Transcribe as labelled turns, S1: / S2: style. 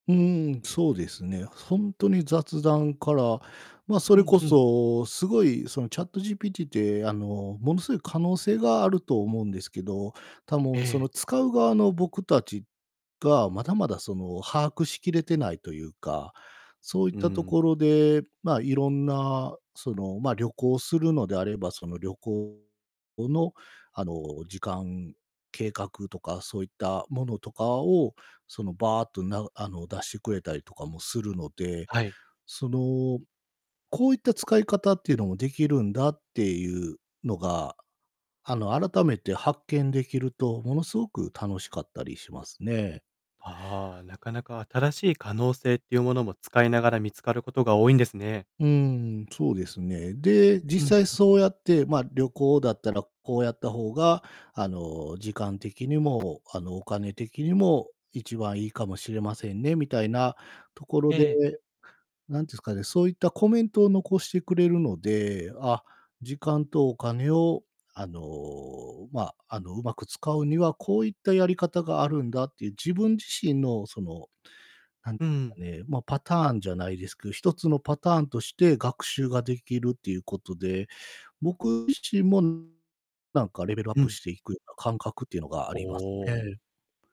S1: うーん、そうですね。ほんとに雑談から、ま、そ
S2: ふ
S1: れ
S2: ん
S1: こ
S2: ふん。
S1: そ、すごいその ChatGPT ってあのものすごい可能性があると思うんですけど、た、もう、そ
S2: ええ。
S1: の使う側の僕たちが、まだまだその把握しきれてないというか、そういっ
S2: う
S1: たと
S2: ん。
S1: ころで、まあ、いろんな、その、ま、旅行するのであれば、その旅行の、あの、時間、計画とか、そういったものとかを、その、バーっとながあの、出してくれたりとかもするので、
S2: はい。
S1: その、こういった使い方っていうのも出来るんだっていうのが、あの、改めて発見できると、ものすごく楽しかったりしますね。
S2: はあ、なかなか新しい可能性っていうものも、使いながら見つかることが多いんですね。
S1: うーん、そうですね。で、
S2: うん
S1: 実際
S2: うん。
S1: そうやって、ま、「旅行だったらこうやった方が、あの、時間的にも、あの、お金的にも一番良いかもしれませんね」みたいなところ
S2: え
S1: で、
S2: え。
S1: 何てすかね、そういったコメントを残してくれるので、あ、時間とお金を、あの、まあ、あの、上手く使うにはこういったやり方があるんだっていう、自分自身の、その、なんか
S2: うん。
S1: ね、ま、パターンじゃないですけど、一つのパターンとして学習ができるっていう事で、僕自身もなんかレベルアッ
S2: う
S1: プ
S2: ん。
S1: していくような感覚っていうのがあ
S2: お
S1: りますね
S2: お。
S1: え。